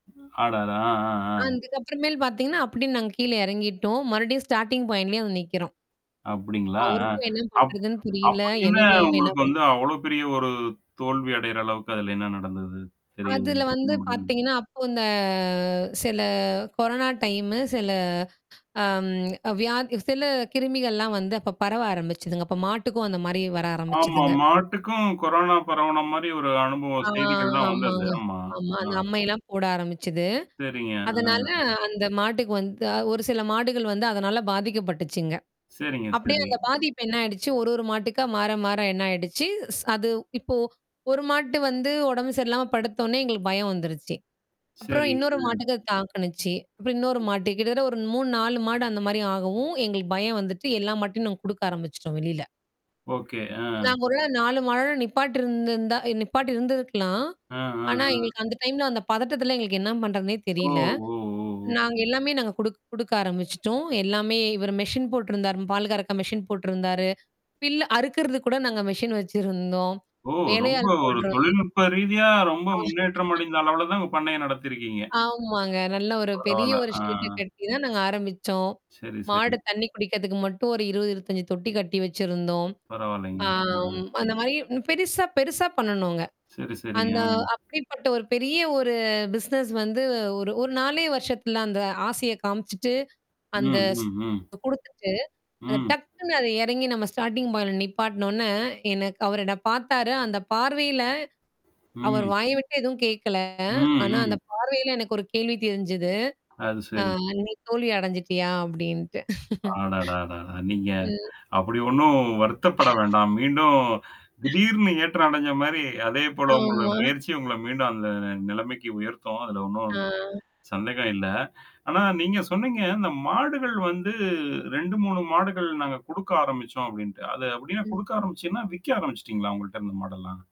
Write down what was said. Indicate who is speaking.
Speaker 1: அடடா!
Speaker 2: அ.
Speaker 1: ஆ.
Speaker 2: இதுக்கப்புறமேல் பார்த்தீங்கன்னா, அப்புடி நாங்க கீழ எறங்கிட்டோம். மறுபடியும் ஸ்டார்ட்டிங் பாயிண்ட்லேயே வந்து நிக்கிறோம்.
Speaker 1: அப்டிங்களா? அ.
Speaker 2: அவருக்கும் என்ன
Speaker 1: அப்
Speaker 2: பண்றதுன்னு புரியல.
Speaker 1: அப்படி என்ன
Speaker 2: எனக்கும் என்ன
Speaker 1: உங்களுக்கு வந்து
Speaker 2: பண்றது
Speaker 1: அவ்ளோ பெரிய ஒரு தோல்வி அடையிற அளவுக்கு அதுல என்ன நடந்தது? தெரியாம
Speaker 2: அதுல
Speaker 1: சொல்ல
Speaker 2: வந்து
Speaker 1: முடியும்?
Speaker 2: பார்த்தீங்கன்னா, அப்போ இந்த அ சில கொரோனா டைமு சில அம் வியாதி சில கிருமிகள்லாம் வந்து அப்ப பரவ ஆரம்பிச்சுதுங்க. அப்ப மாட்டுக்கும் அந்த மாரி வர
Speaker 1: ஆமா.
Speaker 2: ஆரம்பிச்சதுங்க.
Speaker 1: மாட்டுக்கும் கொரோனா பரவன மாரி ஒரு அனுபவம்
Speaker 2: ஆ,
Speaker 1: செய்திகள்லாம் வந்தது.
Speaker 2: ஆமாங்க.
Speaker 1: ஆமா.
Speaker 2: ஆமா. அந்த
Speaker 1: ஆ.
Speaker 2: அம்மையல்லாம் போட ஆரம்பிச்சது.
Speaker 1: சரிங்க. ஆ.
Speaker 2: அதனால அந்த மாட்டுக்கு வந்து ஒரு சில மாடுகள் வந்து அதனால பாதிக்கப்பட்டுச்சுங்க.
Speaker 1: சரிங்க.
Speaker 2: அப்டியே
Speaker 1: சரி.
Speaker 2: அந்த பாதிப்பு என்ன ஆயிடுச்சு. ஒரு ஒரு மாட்டுக்கா மாற மாற என்ன ஆயிடுச்சு. ஸ் அது இப்போ ஒரு மாட்டு வந்து உடம்பு சரியில்லாம படுத்தோனே எங்களுக்கு பயம் வந்துருச்சி. அப்புறம்
Speaker 1: சரி.
Speaker 2: இன்னொரு
Speaker 1: அ.
Speaker 2: மாட்டுக்கு தாக்குச்சி. அப்புறம் இன்னொரு மாட்டுக்கு கிட்டத்தட்ட ஒரு 3 4 மாடு அந்த மாரி ஆகவும். எங்களுக்கு பயம் வந்துட்டு எல்லா மாட்டையும் நாங்க குடுக்க ஆரம்பிச்சுட்டோம் வெளில.
Speaker 1: ஓகே. அ.
Speaker 2: நாங்க ஒருவேள 4 மாடோட நிப்பாட்டு இருந்துருந்தா நிப்பாட்டி இருந்திருக்கலாம்.
Speaker 1: ஆ.
Speaker 2: ஆனா, எங்களுக்கு அந்த டைம்ல அந்த பதட்டத்துல எங்களுக்கு என்ன பண்றதுன்னே தெரியல.
Speaker 1: ஓ!
Speaker 2: நாங்க எல்லாமே நாங்க குடுக் குடுக்க ஆரம்பிச்சுட்டோம். எல்லாமே இவரு மெஷின் போட்டுருந்தாரு. பால் கரக்க மெஷின் போட்டுருந்தாரு. பில்ல அறுக்குறது கூட நாங்க மெஷின் வச்சிருந்தோம்.
Speaker 1: ஓ! ரொம்ப
Speaker 2: வேலையாள்
Speaker 1: ஒரு
Speaker 2: போட்டுருந்தோம்.
Speaker 1: தொழில்நுட்ப ரீதியா ரொம்ப
Speaker 2: ஆ.
Speaker 1: முன்னேற்றம் அடைந்த அளவுல தான் உங்க பண்ணைய நடத்தியிருக்கீங்க.
Speaker 2: ஆமாங்க. நல்ல ஒரு பெரிய
Speaker 1: பரவால்ல.
Speaker 2: ஒரு ஷட்ட
Speaker 1: ஆ.
Speaker 2: கட்டி தான் நாங்க ஆரம்பிச்சோம்.
Speaker 1: சரி சரி.
Speaker 2: மாடு தண்ணி குடிக்கிறதுக்கு மட்டும் ஒரு 20, 25 தொட்டி கட்டி வச்சிருந்தோம்.
Speaker 1: பரவால்லங்க. ஆ.
Speaker 2: ஆம். அந்த மாரி பெரிசா, பெருசா பண்ணுணோங்க.
Speaker 1: சரி, சரிங்க.
Speaker 2: அந்த
Speaker 1: அ.
Speaker 2: அப்படிப்பட்ட ஒரு பெரிய ஒரு பிசினஸ் வந்து ஒரு ஒரு 4 வருஷத்துல அந்த ஆசைய காமிச்சுட்டு அந்த
Speaker 1: ம்.
Speaker 2: ஸ் குடுத்துட்டு அத
Speaker 1: ம்.
Speaker 2: டக்குன்னு அது எறங்கி நம்ம ஸ்டார்ட்டிங் பாயின்ட்ல நிப்பாட்னோனே எனக்கு அவரு என்ன பார்த்தாரு. அந்த பார்வையில அவர்
Speaker 1: ம்.
Speaker 2: வாய் விட்டு எதுவும் கேட்கல. ஆனா
Speaker 1: ம்.
Speaker 2: அந்த பார்வையில எனக்கு ஒரு கேள்வி தெரிஞ்சது.
Speaker 1: அது
Speaker 2: ஆ
Speaker 1: சரி.
Speaker 2: நீ தோல்வி அடஞ்சுட்டியா? அப்டின்ட்டு.
Speaker 1: அடடடட! நீங்க.
Speaker 2: ம்.
Speaker 1: அப்படி ஒண்ணும் வருத்தப்பட வேண்டாம். மீண்டும் திடீர்னு ஏற்றம் அடைஞ்ச மாரி, அதேபோல உங்களோட
Speaker 2: ஆமா.
Speaker 1: முயற்சி உங்கள மீண்டும் அந்த நிலமைக்கு உயர்த்தும். அதுல ஒண்ணும்.
Speaker 2: ஆ.
Speaker 1: சந்தேகம் இல்ல. ஆனா நீங்க சொன்னீங்க இந்த மாடுகள் வந்து 2, 3 மாடுகள் நாங்க குடுக்க ஆரம்பிச்சோம் அப்டின்ட்டு. அது அப்படின்னா
Speaker 2: ம்.
Speaker 1: குடுக்க ஆரம்பிச்சிங்களா? விக்க ஆரம்பிச்சுட்டீங்களா? உங்கள்ட்ட இருந்த மாடெல்லாம்?